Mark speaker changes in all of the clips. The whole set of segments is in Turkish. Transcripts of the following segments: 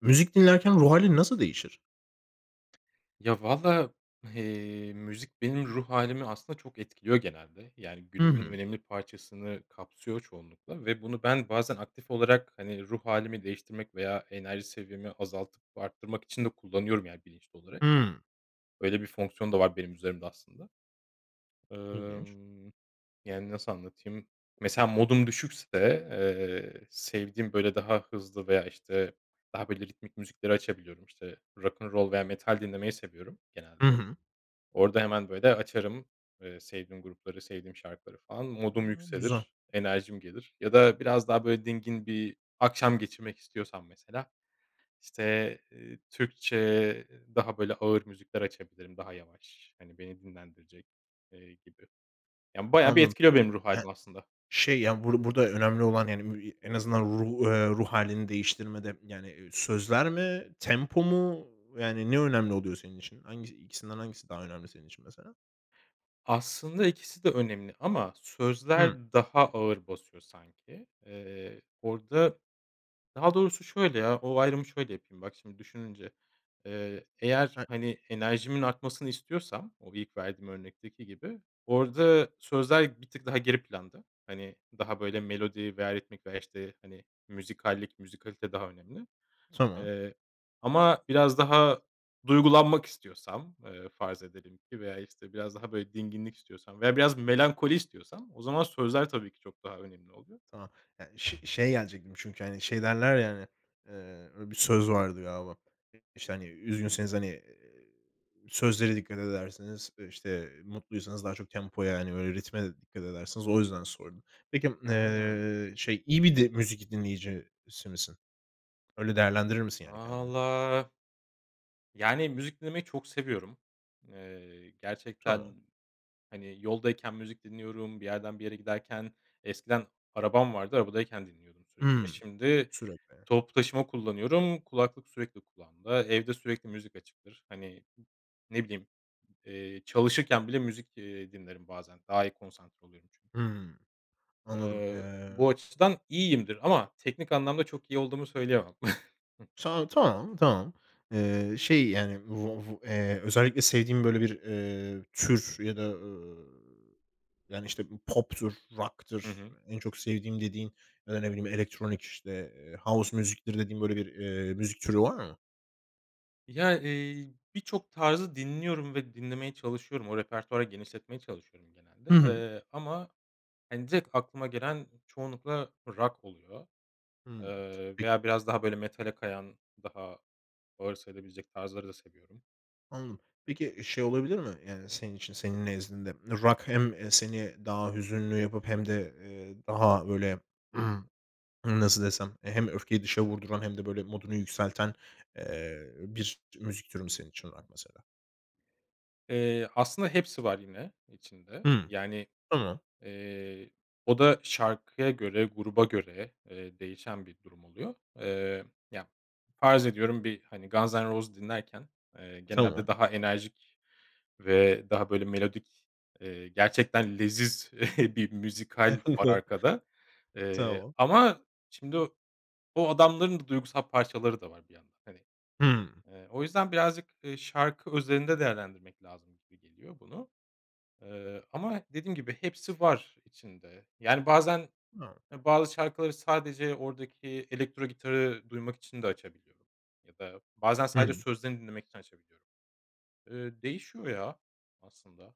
Speaker 1: Müzik dinlerken ruh hâlin nasıl değişir?
Speaker 2: Ya, valla, eee, müzik benim ruh hâlimi aslında çok etkiliyor genelde. Yani,
Speaker 1: Hı
Speaker 2: günümün
Speaker 1: hı.
Speaker 2: önemli parçasını kapsıyor çoğunlukla ve bunu ben bazen aktif olarak, hani, ruh hâlimi değiştirmek veya enerji seviyemi azaltıp arttırmak için de kullanıyorum yani, bilinçli olarak.
Speaker 1: Hımm.
Speaker 2: Öyle bir fonksiyon da var benim üzerimde aslında.
Speaker 1: İlginç.
Speaker 2: Emm, yani, nasıl anlatayım, mesela modum düşükse, eee, sevdiğim, böyle, daha hızlı veya işte daha, böyle, ritmik müzikleri açabiliyorum, işte rock'n roll veya metal dinlemeyi seviyorum genelde.
Speaker 1: Hı hı.
Speaker 2: Orada hemen böyle açarım, eee, sevdiğim grupları, sevdiğim şarkıları falan. Modum
Speaker 1: A, güzel.
Speaker 2: yükselir, enerjim gelir ya da biraz daha böyle dingin bir akşam geçirmek istiyorsam mesela, işte, eee, Türkçe, daha böyle ağır müzikler açabilirim, daha yavaş, hani, beni dinlendirecek, eee, gibi. Yani, bayağı bir
Speaker 1: Anladım.
Speaker 2: etkiliyor benim ruh
Speaker 1: Yani,
Speaker 2: hâlimi aslında.
Speaker 1: şey, ya, bur burada önemli olan yani, mü en azından ru eee, ruh hâlini değiştirmede, yani, eee, sözler mi, tempo mu, yani, ne önemli oluyor senin için? Hangisi i 2'sinden hangisi daha önemli senin için mesela?
Speaker 2: Aslında 2'si de önemli ama
Speaker 1: Hımm.
Speaker 2: sözler daha ağır basıyor sanki. Eee orada Daha doğrusu şöyle ya, o ayrımı şöyle yapayım bak şimdi düşününce, eee, eğer,
Speaker 1: E
Speaker 2: hani, enerjimin artmasını istiyorsam o ilk verdiğim örnekteki gibi orada sözler bir tık daha geri planda. Hani, daha böyle melodi veya ritmik veya işte, hani, müzikallik, müzikalite daha önemli.
Speaker 1: Tamam.
Speaker 2: Eee, ama biraz daha duygulanmak istiyorsam, eee, farz edelim ki veya işte biraz daha böyle dinginlik istiyorsam veya biraz melankoli istiyorsam o zaman sözler tabii ki çok daha önemli oluyor.
Speaker 1: Tamam. Ya, ş şeye gelecektim çünkü, hani, şey, derler, ya, hani, eee, bir söz vardı galiba. İ işte, hani, üzgünseniz, hani, eee, sözlere dikkat ederseniz, e, işte mutluysanız daha çok tempoya, hani, böyle ritme de dikkat ederseniz. O yüzden sordum. Peki m
Speaker 2: Hıı.
Speaker 1: eee, şey, iyi bir di müzik dinleyicisi misin? Öyle değerlendirir misin yani kendini?
Speaker 2: Valla... Yani, müzik dinlemeyi çok seviyorum. Eee,
Speaker 1: Tamam.
Speaker 2: gerçekten, hani, yoldayken müzik dinliyorum, bir yerden bir yere giderken, eskiden arabam vardı, arabadayken dinliyordum sürekli.
Speaker 1: Hımm.
Speaker 2: Şimdi
Speaker 1: Sürekli.
Speaker 2: toplu taşıma kullanıyorum, kulaklık sürekli kulağımda, evde sürekli müzik açıktır. Hani, ne bileyim, eee, çalışırken bile müzik, eee, dinlerim bazen, daha iyi konsantre oluyorum çünkü.
Speaker 1: Hımm. Anladım.
Speaker 2: Eee,
Speaker 1: Eee
Speaker 2: bu açıdan iyiyimdir ama teknik anlamda çok iyi olduğumu söyleyemem.
Speaker 1: Şa tamam, tamam. Eee, şey, yani, vu va eee, özellikle sevdiğin böyle bir, eee, tür ya da, eee, yani, işte, bir pop'tur,
Speaker 2: Hı
Speaker 1: rock'tır
Speaker 2: hı.
Speaker 1: en çok sevdiğim dediğin. Ya da ne bileyim elektronik işte, eee, house music'tir dediğin böyle, eee, bir müzik türü var mı?
Speaker 2: Ya, eee, birçok tarzı dinliyorum ve dinlemeye çalışıyorum. O repertuvarı genişletmeye çalışıyorum genelde,
Speaker 1: Hı hı.
Speaker 2: eee, ama, hani, direkt aklıma gelen çoğunlukla rock oluyor,
Speaker 1: Hımm,
Speaker 2: eee,
Speaker 1: peki.
Speaker 2: veya biraz daha böyle metale kayan daha ağır sayılabilecek tarzları da seviyorum.
Speaker 1: Anladım. Peki, şey, olabilir mi yani senin için, senin nezdinde? Rock hem, eee, seni daha hüzünlü yapıp hem de, eee, daha böyle, nasıl desem? Hem öfkeyi dışa vurduran hem de böyle modunu yükselten, eee, bir müzik türü mü senin için rock mesela?
Speaker 2: Eee, aslında hepsi var yine içinde.
Speaker 1: Hımm.
Speaker 2: Yani,
Speaker 1: Tamam.
Speaker 2: eee, o da şarkıya göre, gruba göre, eee, değişen bir durum oluyor. Eee, ya, farz ediyorum bir hani Guns N' Roses dinlerken, eee,
Speaker 1: Tamam.
Speaker 2: genelde daha enerjik ve daha böyle melodik, eee, gerçekten leziz bir müzikal var arkada. Eee,
Speaker 1: Tamam.
Speaker 2: ama şimdi o adamların da duygusal parçaları da var bir yandan, hani.
Speaker 1: Hımm.
Speaker 2: Eee, o yüzden birazcık, eee, şarkı özelinde değerlendirmek lazım gibi geliyor bunu. Eee, ama dediğim gibi hepsi var içinde. Yani, bazen,
Speaker 1: [unintelligible]
Speaker 2: eee, bazı şarkıları sadece oradaki elektro gitarı duymak için de açabiliyorum ya da bazen sadece
Speaker 1: Hımm.
Speaker 2: sözlerini dinlemek için açabiliyorum. Eee, değişiyor ya aslında.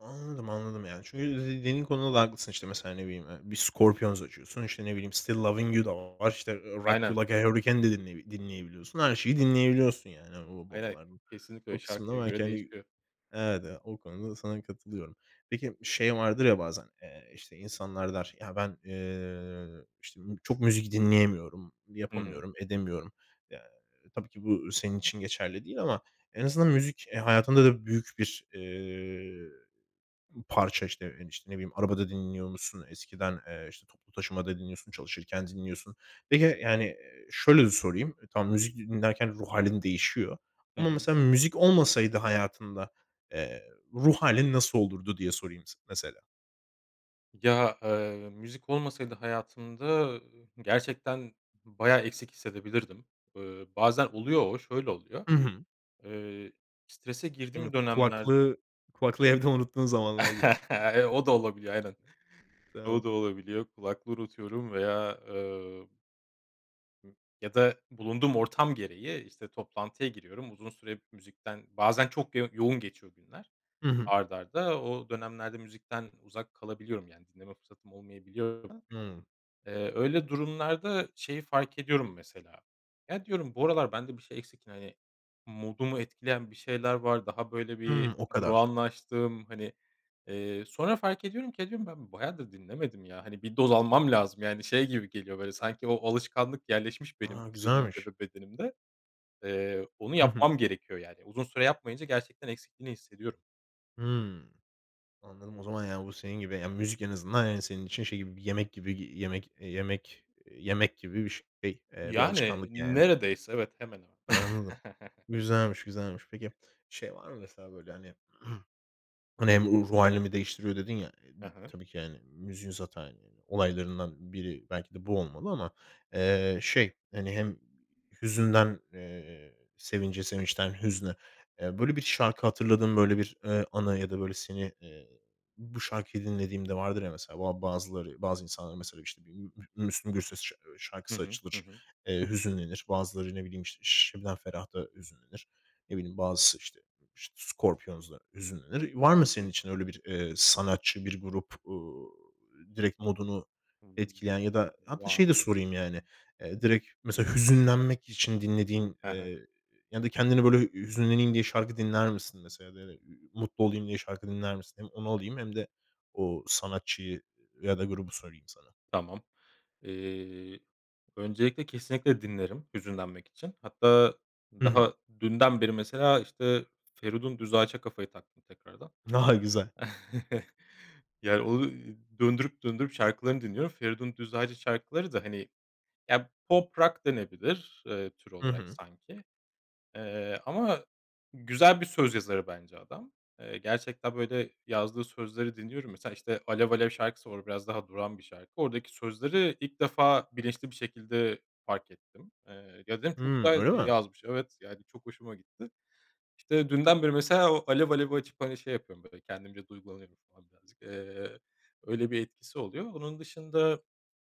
Speaker 1: Anladım, anladım. Yani, çünkü dediğin konuda da haklısın işte mesela ne bileyim, eee, bir Scorpions açıyorsun, işte ne bileyim, Still Loving You da var, işte Rock
Speaker 2: Aynen.
Speaker 1: You Like A Hurricane de dinley dinleyebiliyorsun. Her şeyi dinleyebiliyorsun, yani. O
Speaker 2: Hayır hayır.
Speaker 1: babalar
Speaker 2: Kesinlikle öyle
Speaker 1: o kısımda
Speaker 2: şarkıya
Speaker 1: belki,
Speaker 2: göre
Speaker 1: hani,
Speaker 2: değişiyor.
Speaker 1: evet, e, o konuda da sana katılıyorum. Peki şey vardır ya bazen, eee, işte insanlar der, ya, ben, eee, işte, m çok müzik dinleyemiyorum,
Speaker 2: Hı hı.
Speaker 1: yapamıyorum, edemiyorum. Eee, tabii ki bu senin için geçerli değil ama en azından müzik, e, hayatında da büyük bir, eee, parça, işte, e, işte, ne bileyim arabada dinliyormuşsun. Eskiden, eee, işte, toplu taşımada dinliyorsun, çalışırken dinliyorsun. Peki, yani, eee, şöyle sorayım. Tamam müzik dinlerken ruh hâlin değişiyor
Speaker 2: Hı
Speaker 1: ama
Speaker 2: hı.
Speaker 1: mesela müzik olmasaydı hayatında, eee, ruh hâlin nasıl olurdu? Diye sorayım s mesela.
Speaker 2: Ya, eee, müzik olmasaydı hayatımda, ııı, gerçekten b bayağı eksik hissedebilirdim. Eee, bazen oluyor o, şöyle oluyor.
Speaker 1: Hı hı.
Speaker 2: Eee, strese
Speaker 1: Değil mi?
Speaker 2: girdiğim dönemlerde
Speaker 1: Kulaklığı kulaklığı evde unuttuğun zamanlar gibi.
Speaker 2: E, o da olabiliyor aynen. O
Speaker 1: [unintelligible]
Speaker 2: da olabiliyor, kulaklığı unutuyorum veya eee ı ya da bulunduğum ortam gereği, işte, toplantıya giriyorum. Uzun süre müzikten bazen çok yo yoğun geçiyor günler.
Speaker 1: Hı hı.
Speaker 2: Art arda o dönemlerde müzikten uzak kalabiliyorum, yani, dinleme fırsatım olmayabiliyor. [unintelligible]
Speaker 1: Hımm.
Speaker 2: Eee, öyle durumlarda şeyi fark ediyorum mesela, ya, diyorum bu aralar bende bir şey eksik, hani, modumu etkileyen bir şeyler var, daha böyle
Speaker 1: Hımm.
Speaker 2: bir
Speaker 1: O kadar.
Speaker 2: durağanlaştım. Hani, eee, sonra fark ediyorum ki, ha, diyorum ben bayağıdır dinlemedim ya, hani, 1 doz almam lazım. Yani, şey, gibi geliyor böyle sanki o alışkanlık yerleşmiş benim
Speaker 1: A,
Speaker 2: zihnimde
Speaker 1: güzelmiş.
Speaker 2: ve bedenimde. Eee, onu
Speaker 1: Hı hı.
Speaker 2: yapmam gerekiyor. Yani, uzun süre yapmayınca gerçekten eksikliğini hissediyorum.
Speaker 1: Hıı. Anladım. O zaman ya bu senin gibi, ya müzik en azından yani senin için şey gibi, bir yemek gibi y yemek yemek yemek gibi bir şey, eee, bir
Speaker 2: Yani
Speaker 1: alışkanlık yani.
Speaker 2: neredeyse evet. Hemen hemen.
Speaker 1: Anladım. Güzelmiş, güzelmiş. Peki şey var mı mesela böyle hani, hani hem ruh hâlimi değiştiriyor dedin ya,
Speaker 2: Hı hı.
Speaker 1: tabii ki hani müziğin zaten olaylarından biri belki de bu olmalı ama, eee, şey hani hem hüzünden, eee, sevince, sevinçten hüzne, eee, böyle bir şarkı hatırladığın böyle bir, eee, anı ya da böyle seni, eee, bu şarkıyı dinlediğimde vardır ya mesela bu a bazıları, bazı insanlar mesela işte bir M Mü Müslüm Gürses şa
Speaker 2: Hı
Speaker 1: şarkısı
Speaker 2: hı. Hı
Speaker 1: açılır,
Speaker 2: hı.
Speaker 1: eee, hüzünlenir. Bazıları ne bileyim işte Ş Şebnem Ferah'ta hüzünlenir. Ne bileyim bazısı işte ı ş Scorpions'la hüzünlenir. Var mı
Speaker 2: Hı
Speaker 1: senin
Speaker 2: hı.
Speaker 1: için öyle bir, eee, sanatçı, bir grup, ııı, direkt modunu
Speaker 2: Hıı.
Speaker 1: etkileyen ya da hatta
Speaker 2: Var.
Speaker 1: şeyi de sorayım yani, eee, direkt mesela hüzünlenmek için dinlediğin,
Speaker 2: He he.
Speaker 1: eee, ya da kendini böyle hüzünleneyim diye şarkı dinler misin mesela da ü ü mutlu olayım diye şarkı dinler misin? Hem onu alayım hem de o sanatçıyı ı ya da grubu sorayım sana.
Speaker 2: Tamam. Eee, öncelikle kesinlikle dinlerim hüzünlenmek için. Hatta,
Speaker 1: Hı hı.
Speaker 2: daha dünden beri mesela işte Feridun Düzağaç'a kafayı taktım tekrardan.
Speaker 1: Ha ha, güzel.
Speaker 2: Yani onu döndürüp, döndürüp şarkılarını dinliyorum. Feridun Düzağaç'ın şarkıları da hani, ya pop rock denebilir, eee, tür
Speaker 1: Hı
Speaker 2: olarak
Speaker 1: hı.
Speaker 2: sanki. Eee, ama güzel bir söz yazarı bence adam. Eee, gerçekten böyle yazdığı sözleri dinliyorum. Mesela işte "Alev Alev" şarkısı var, o biraz daha durağan bir şarkı. Oradaki sözleri ilk defa bilinçli bir şekilde fark ettim. Eee, [unintelligible] çok
Speaker 1: Hı,
Speaker 2: [unintelligible]
Speaker 1: öyle mi?
Speaker 2: yazmış, evet yani çok hoşuma gitti. İşte dünden beri mesela o "Alev Alev"i açıp hani şey yapıyorum böyle kendimce duygulanıyorum falan birazcık. Eee, öyle bir etkisi oluyor. Onun dışında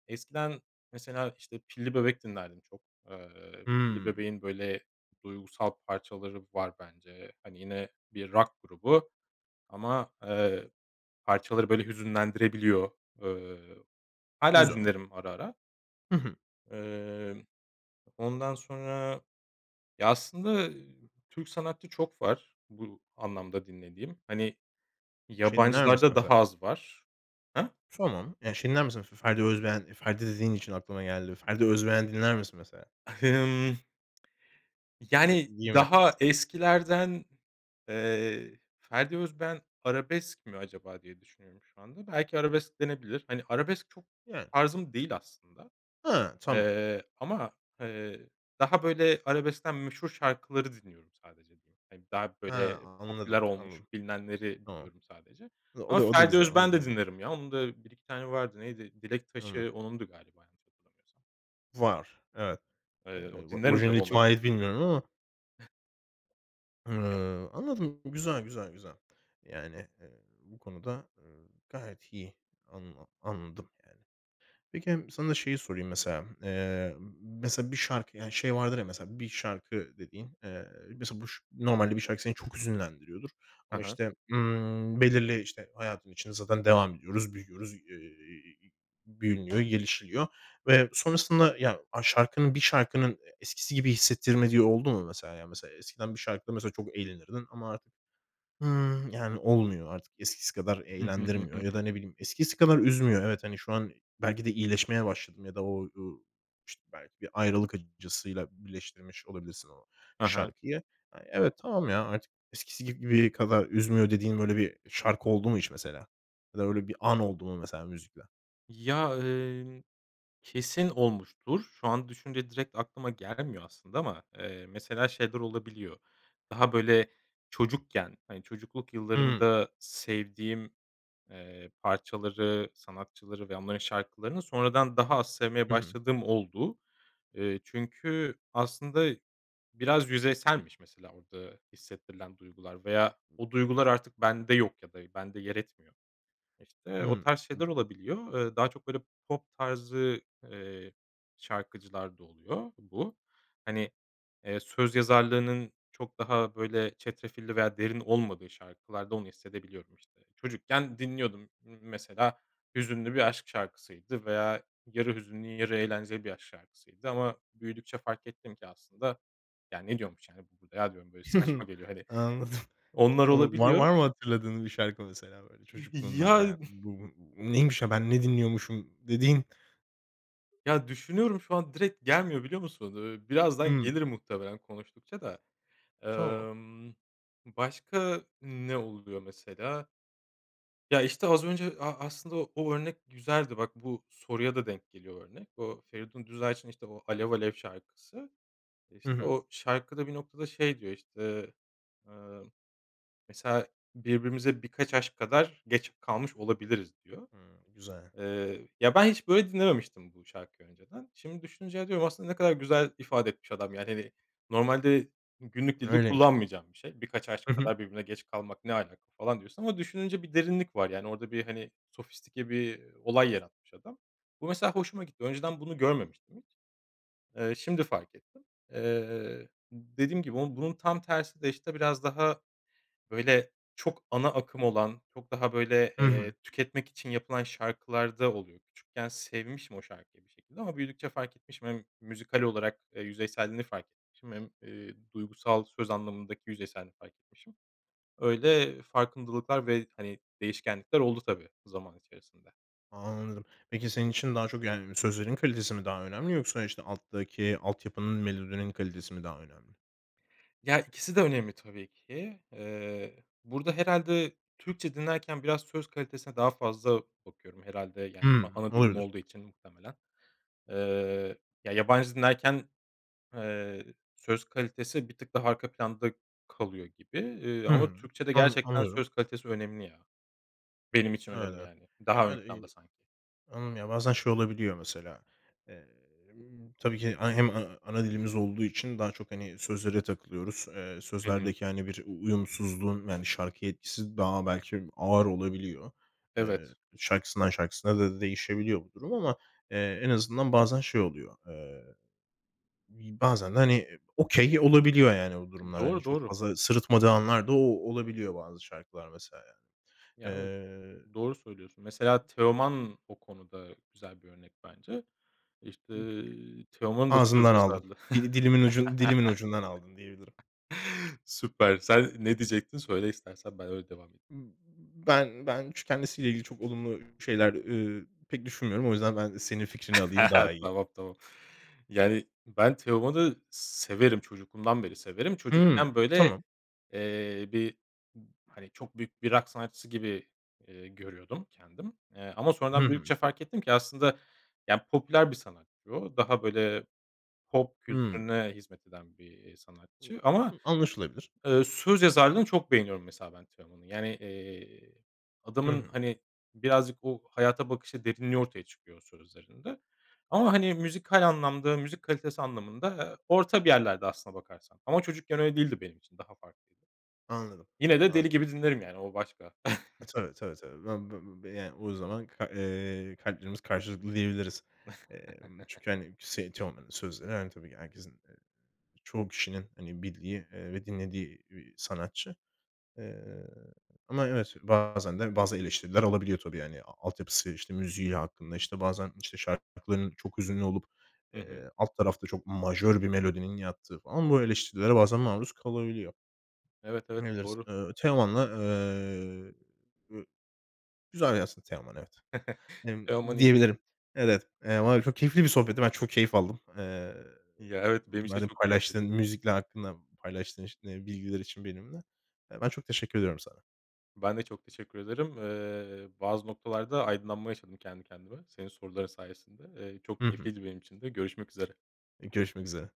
Speaker 2: eskiden mesela işte Pilli Bebek dinlerdim çok, eee, Pilli
Speaker 1: Hıı.
Speaker 2: Bebek'in böyle duygusal parçaları var bence. Hani yine bir rock grubu ama, eee, parçaları böyle hüzünlendirebiliyor. Eee, hâlâ
Speaker 1: Güzel.
Speaker 2: dinlerim ara ara.
Speaker 1: Hı hı.
Speaker 2: Eee, ondan sonra ya aslında Türk sanatçı çok var bu anlamda dinlediğim. Hani,
Speaker 1: Şey dinler misin
Speaker 2: yabancılarda
Speaker 1: mesela?
Speaker 2: daha az var. Ha?
Speaker 1: Tamam. Ya şey dinler misin Fe Ferdi Özbeğen? Ferdi dediğin için aklıma geldi. Ferdi Özbeğen dinler misin mesela?
Speaker 2: Hı hı. A hımm...
Speaker 1: Çok
Speaker 2: yani
Speaker 1: iyi mi?
Speaker 2: daha eskilerden, eee, Ferdi Özbeğen arabesk mi acaba diye düşünüyorum şu anda. Belki arabesk denebilir. Hani arabesk çok
Speaker 1: Yani.
Speaker 2: tarzım değil aslında,
Speaker 1: Ha. Tamam.
Speaker 2: eee, ama, eee, daha böyle arabeskten meşhur şarkıları dinliyorum sadece diyeyim. Hani daha
Speaker 1: He
Speaker 2: böyle
Speaker 1: anladım,
Speaker 2: popüler olmuş
Speaker 1: anladım.
Speaker 2: bilinenleri
Speaker 1: Tamam.
Speaker 2: biliyorum sadece.
Speaker 1: Hıı o
Speaker 2: Ama
Speaker 1: da, o da
Speaker 2: Ferdi
Speaker 1: güzel, o da
Speaker 2: Özbeğen de
Speaker 1: güzel.
Speaker 2: dinlerim ya onun da 1-2 tane vardı. Neydi? "Dilek
Speaker 1: [unintelligible]
Speaker 2: Taşı" onundu galiba yanlış hatırlamıyorsam.
Speaker 1: Var, evet.
Speaker 2: Eee, o
Speaker 1: Eee, va
Speaker 2: dinlerim tabi
Speaker 1: orijinali kime
Speaker 2: onları.
Speaker 1: ait bilmiyorum ama.
Speaker 2: Kendi
Speaker 1: Hıı, anladım. Güzel güzel güzel. Yani, eee, bu konuda gayet iyi anla anladım yani. Peki, sana da şeyi sorayım mesela. Eee, mesela bir şarkı, yani şey vardır ya mesela bir şarkı dediğin, eee mesela buş normalde bir şarkı seni çok hüzünlendiriyordur.
Speaker 2: Hı
Speaker 1: Ama
Speaker 2: hı.
Speaker 1: işte, ımm, belirli işte hayatın içinde zaten devam ediyoruz, büyüyoruz, eee, büyünüyor gelişiliyor ve sonrasında, yani, a şarkının bir şarkının, e eskisi gibi hissettirmediği oldu mu mesela yani? Mesela, ya, eskiden bir şarkıda mesela çok eğlenirdin ama artık, hıı, yani, olmuyor. Artık eskisi kadar eğlendirmiyor ya da, ne bileyim, eskisi kadar üzmüyor. Evet, hani, şu an belki de iyileşmeye başladın ya da o u işte, belki bir ayrılık acısıyla birleştirmiş olabilirsin o
Speaker 2: Hı hı.
Speaker 1: şarkıyı. Ay evet, tamam ya, artık eskisi gibi kadar üzmüyor, dediğin böyle bir şarkı oldu mu hiç mesela? Ya da öyle bir an oldu mu mesela müzikle?
Speaker 2: Ya, emm, kesin olmuştur. Şu an düşününce direkt aklıma gelmiyor aslında ama, eee, mesela şeyler olabiliyor. Daha böyle çocukken, hani, çocukluk
Speaker 1: Hıı.
Speaker 2: yıllarımda sevdiğim, eee, parçaları, sanatçıları ve onların şarkılarını sonradan daha az sevmeye
Speaker 1: Hı hı.
Speaker 2: başladığım oldu. Eee, çünkü aslında biraz yüzeyselmiş mesela orada hissettirilen duygular. Veya o duygular artık bende yok ya da bende yer etmiyor. İşte o
Speaker 1: Hıı.
Speaker 2: tarz şeyler
Speaker 1: B
Speaker 2: olabiliyor. Eee, daha çok böyle pop tarzı, eee, şarkıcılarda oluyor bu. Hani, eee, söz yazarlığının çok daha, böyle, çetrefilli veya derin olmadığı şarkılarda onu hissedebiliyorum. İşte çocukken dinliyordum m mesela hüzünlü bir aşk şarkısıydı veya yarı hüzünlü, yarı eğlenceli bir aşk şarkısıydı ama büyüdükçe fark ettim ki aslında ya ne diyormuş, yani, bu burada ya diyorum böyle saçma geliyor hani.
Speaker 1: Anladım.
Speaker 2: Onlar
Speaker 1: Anladım. Var
Speaker 2: olabiliyor.
Speaker 1: var mı hatırladığınız bir şarkı mesela böyle çocukluğundan,
Speaker 2: Ya
Speaker 1: yani? Bu bu neymiş ya ben ne dinliyormuşum dediğin?
Speaker 2: Ya, düşünüyorum, şu an direkt gelmiyor, biliyor musun? Eee, birazdan
Speaker 1: Hıı.
Speaker 2: gelir muhtemelen konuştukça da.
Speaker 1: Tamam.
Speaker 2: Emm, başka ne oluyor mesela? Ya, işte az önce a aslında o o örnek güzeldi. Bak, bu soruya da denk geliyor örnek. O Feridun Düzağaç'ın, işte, o Alev Alev şarkısı.
Speaker 1: Hı
Speaker 2: İşte
Speaker 1: hı.
Speaker 2: o şarkıda bir noktada, şey, diyor, işte. Iıı, mesela birbirimize birkaç aşk kadar geç kalmış olabiliriz, diyor.
Speaker 1: Hımm. Güzel.
Speaker 2: Eee, ya ben hiç böyle dinlememiştim bu şarkıyı önceden. Şimdi düşününce diyorum, aslında ne kadar güzel ifade etmiş adam, yani. Hani, normalde günlük dilde
Speaker 1: Öyleymiş.
Speaker 2: kullanmayacağım bir şey. Birkaç
Speaker 1: Hı
Speaker 2: aşk
Speaker 1: hı.
Speaker 2: kadar birbirine geç kalmak ne alaka falan diyorsun ama düşününce bir derinlik var. Yani, orada bir, hani, sofistike bir olay yaratmış adam. Bu mesela hoşuma gitti. Önceden bunu görmemiştim hiç. Eee, şimdi fark ettim. Eee, dediğim gibi ama bunun tam tersi de, işte, biraz daha böyle çok ana akım olan, çok daha böyle,
Speaker 1: Hı
Speaker 2: eee,
Speaker 1: hı.
Speaker 2: tüketmek için yapılan şarkılarda oluyor. Küçükken sevmişim o şarkıyı bir şekilde ama büyüdükçe fark etmişim. Hem müzikal olarak, eee, yüzeyselliğini fark etmişim hem, ııı, duygusal söz anlamındaki yüzeyselliğini fark etmişim. Öyle farkındalıklar ve, hani, değişkenlikler oldu tabii zaman içerisinde.
Speaker 1: Anladım. Peki, senin için daha çok, yani, sözlerin kalitesi mi daha önemli yoksa, işte, alttaki altyapının, melodinin kalitesi mi daha önemli?
Speaker 2: Ya, ikisi de önemli tabii ki, eee, burada herhâlde Türkçe dinlerken biraz söz kalitesine daha fazla bakıyorum herhâlde, yani, a
Speaker 1: Hımm,
Speaker 2: ana dilim
Speaker 1: olabilir.
Speaker 2: olduğu için muhtemelen. Eee, ya, yabancı dinlerken, eee, söz kalitesi bir tık daha arka planda kalıyor gibi, eee, ama
Speaker 1: Hımm,
Speaker 2: Türkçede
Speaker 1: an
Speaker 2: gerçekten
Speaker 1: anlıyorum.
Speaker 2: söz kalitesi önemli ya. Benim için önemli
Speaker 1: Öyle.
Speaker 2: yani,
Speaker 1: Ya,
Speaker 2: daha ön
Speaker 1: öyle
Speaker 2: planda
Speaker 1: bi
Speaker 2: sanki.
Speaker 1: Anladım, ya, bazen şey olabiliyor, mesela. Emm, tabii ki a hem a ana dilimiz olduğu için daha çok, hani, sözlere takılıyoruz. Eee,
Speaker 2: Hı hı.
Speaker 1: sözlerdeki, hani, bir uyumsuzluğun, yani, şarkıya etkisi daha belki ağır olabiliyor. Eee,
Speaker 2: Evet.
Speaker 1: şarkısından şarkısına da değişebiliyor bu durum ama, eee, en azından bazen şey oluyor. Eee, bir bazen de, hani, okay olabiliyor yani bu durumlar. Hani,
Speaker 2: Doğru,
Speaker 1: çok
Speaker 2: doğru.
Speaker 1: fazla sırıtmadığı anlar da o olabiliyor bazı şarkılar mesela, yani.
Speaker 2: Ya, evet,
Speaker 1: Eee
Speaker 2: doğru söylüyorsun. Mesela Teoman o konuda güzel bir örnek bence, işte, Teoman'ın da söz
Speaker 1: Ağzımdan aldın.
Speaker 2: yazarlığı.
Speaker 1: Dili dilimin ucun dilimin ucundan aldın, diyebilirim.
Speaker 2: Süper, sen ne diyecektin, söyle istersen ben öyle devam edeyim.
Speaker 1: Ben ben ç kendisiyle ilgili çok olumlu şeyler, ııı, pek düşünmüyorum. O yüzden ben senin fikrini alayım, daha iyi.
Speaker 2: Tamam, tamam, yani, ben Teoman'ı severim, çocukluğumdan beri severim.
Speaker 1: Hıı,
Speaker 2: Çocukken, böyle,
Speaker 1: tamam.
Speaker 2: eee, bir, hani çok büyük bir rock sanatçısı gibi, ııı, görüyordum kendim, eee, ama
Speaker 1: Hı
Speaker 2: sonradan
Speaker 1: hı.
Speaker 2: büyüdükçe fark ettim ki aslında, ya, popüler bir sanatçı o, daha, böyle, pop
Speaker 1: Hıı.
Speaker 2: kültürüne hizmet eden bir, eee, sanatçı ama,
Speaker 1: [unintelligible] Anlaşılabilir.
Speaker 2: ııı, söz yazarlığını çok beğeniyorum mesela ben Teoman'ın. Yani, eee,
Speaker 1: Hı
Speaker 2: adamın,
Speaker 1: hı.
Speaker 2: hani, birazcık o hayata bakışı, derinliği ortaya çıkıyor o sözlerinde ama, hani müzikal anlamda, müzik kalitesi anlamında, aaa, orta bir yerlerde aslına bakarsan ama çocukken öyle değildi benim için, daha farklıydı.
Speaker 1: Anladım,
Speaker 2: Yine de deli
Speaker 1: anla
Speaker 2: gibi dinlerim, yani, o başka.
Speaker 1: E, tabii, tabii, tabii. Ben, b b b yani, o zaman ka eee, kalplerimiz karşılıklı diyebiliriz, emm, çünkü, hani, s Teoman'ın sözleri, hani, tabii ki herkesin, eee, çoğu kişinin, hani, bildiği, ııı, ve dinlediği bir sanatçı, eee, ama evet, bazen de bazı eleştiriler alabiliyor tabii, yani, a altyapısı, işte, müziği hakkında, işte, bazen, işte, şarkıların çok hüzünlü olup,
Speaker 2: Hı hı.
Speaker 1: eee, alt tarafta çok majör bir melodinin yattığı falan bu eleştirilere bazen maruz kalabiliyor.
Speaker 2: Evet, evet,
Speaker 1: [unintelligible]
Speaker 2: doğru.
Speaker 1: Eee, Teoman'la, eee, e güzel yazsın Teoman, evet, emm,
Speaker 2: Teoman iyid
Speaker 1: diyebilirim. Evet, eee, var ya, çok keyifli bir sohbetti, ben çok keyif aldım. Eee,
Speaker 2: Ya evet, benim için de
Speaker 1: benimle
Speaker 2: çok
Speaker 1: paylaştığın
Speaker 2: keyifliydi.
Speaker 1: müzikler hakkında paylaştığın ş bilgiler için benimle. Ben çok teşekkür ediyorum sana.
Speaker 2: Ben de çok teşekkür ederim. Eee, bazı noktalarda aydınlanma yaşadım kendi kendime, senin soruların sayesinde. Eee, çok
Speaker 1: Hı hı.
Speaker 2: keyifliydi benim için de görüşmek üzere.
Speaker 1: Eee, görüşmek üzere.